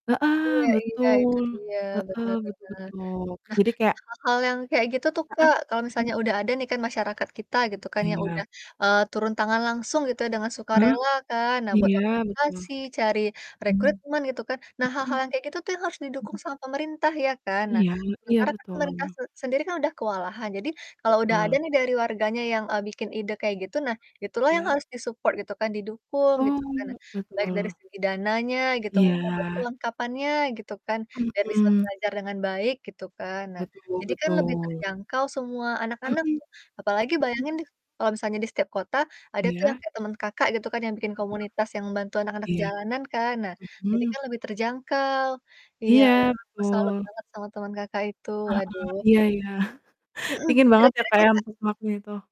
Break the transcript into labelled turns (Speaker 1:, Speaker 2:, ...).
Speaker 1: Heeh,
Speaker 2: Iya iya, itu
Speaker 1: betul.
Speaker 2: dia.
Speaker 1: Heeh,
Speaker 2: Benar
Speaker 1: betul
Speaker 2: benar.
Speaker 1: betul.
Speaker 2: Nah,
Speaker 1: Jadi kayak
Speaker 2: hal-hal yang kayak gitu tuh,
Speaker 1: Heeh,
Speaker 2: Kak, kalau
Speaker 1: mhm.
Speaker 2: misalnya udah ada nih kan masyarakat kita gitu kan yang udah,
Speaker 1: Iya.
Speaker 2: eee, turun tangan langsung gitu ya, dengan
Speaker 1: Ah.
Speaker 2: sukarela kan, nah buat
Speaker 1: Iya, betul.
Speaker 2: organisasi, cari
Speaker 1: Mmm.
Speaker 2: rekrutmen, gitu kan. Nah,
Speaker 1: Mhm,
Speaker 2: hal-hal yang kayak gitu tuh yang harus didukung
Speaker 1: mmm.
Speaker 2: sama pemerintah ya kan. Nah,
Speaker 1: Iya iya
Speaker 2: sementara kan
Speaker 1: betul.
Speaker 2: pemerintah sen sendiri kan udah kewalahan, jadi kalau udah ada
Speaker 1: Betul.
Speaker 2: nih dari warganya yang, eee, bikin ide kayak gitu, nah, itu lah yang
Speaker 1: Iya.
Speaker 2: harus di-support gitu kan, didukung gitu kan.
Speaker 1: Betul
Speaker 2: Baik dari
Speaker 1: betul.
Speaker 2: segi dananya gitu, mungkin atau
Speaker 1: Iya.
Speaker 2: perlengkapannya gitu kan, biar bisa
Speaker 1: Mhm.
Speaker 2: belajar dengan baik gitu kan. Nah,
Speaker 1: Betul
Speaker 2: jadi kan lebih
Speaker 1: betul.
Speaker 2: terjangkau semua anak-anak
Speaker 1: Mmm.
Speaker 2: tuh, apalagi
Speaker 1: Hmm.
Speaker 2: bayangin deh kalau misalnya di setiap kota ada tuh yang
Speaker 1: Iya.
Speaker 2: kayak temen Kakak gitu kan, yang bikin
Speaker 1: Mhm mhm.
Speaker 2: komunitas yang bantu anak-anak
Speaker 1: Iya.
Speaker 2: jalanan kan. Nah, jadi
Speaker 1: Mmm.
Speaker 2: kan lebih terjangkau. Iya, wah
Speaker 1: Iya,
Speaker 2: aku salut
Speaker 1: betul.
Speaker 2: banget sama temen Kakak itu,
Speaker 1: Heeh
Speaker 2: waduh.
Speaker 1: heeh. Iya iya.
Speaker 2: Hmm,
Speaker 1: Dingin banget ya,
Speaker 2: kira-kira
Speaker 1: Kak, ya,
Speaker 2: Kakak
Speaker 1: [unintelligible] itu.